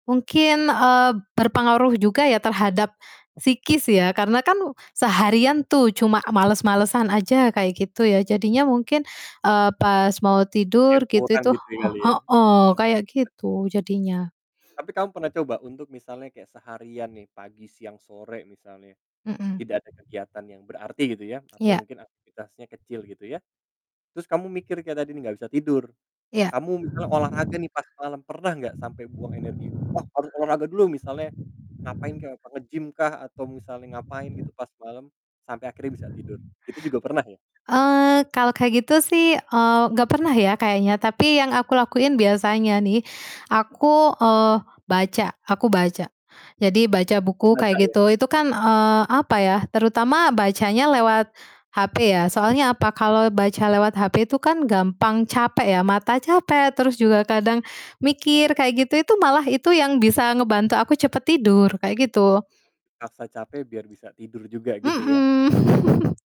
Mungkin, eee, berpengaruh juga ya terhadap psikis ya, karena kan seharian tuh cuma males-malesan aja kayak gitu ya, jadinya mungkin, eee, pas mau Yang tidur gitu kurang itu gitu he kali ya? heeh, kayak gitu jadinya. Tapi kamu pernah coba untuk misalnya kayak seharian nih pagi, siang, sore, misalnya Mhm. tidak ada kegiatan yang berarti gitu ya, atau Iya. mungkin aktivitasnya kecil gitu ya. Terus Kamu mikir kayak tadi nih enggak bisa tidur, Ya. kamu misalnya olahraga nih pas malem, pernah gak sampe buang energi, "Wah, harus olahraga dulu!" misalnya ngapain kek, nge-gym kah atau misalnya ngapain gitu pas malem sampai akhirnya bisa tidur? Itu juga pernah ya? Eee, kalau kayak gitu sih, eee, gak pernah ya kayaknya, tapi yang aku lakuin biasanya nih, aku, eee, baca, aku baca. Jadi baca buku kayak Membaca ya? gitu, itu kan, eee, apa ya, terutama bacanya lewat HP ya, soalnya apa? Kalau baca lewat HP itu kan gampang capek ya, mata capek, terus juga kadang mikir Oh. kayak gitu, itu malah itu yang bisa ngebantu aku cepet tidur kayak gitu. Paksa capek biar bisa tidur juga gitu ya? Mhm.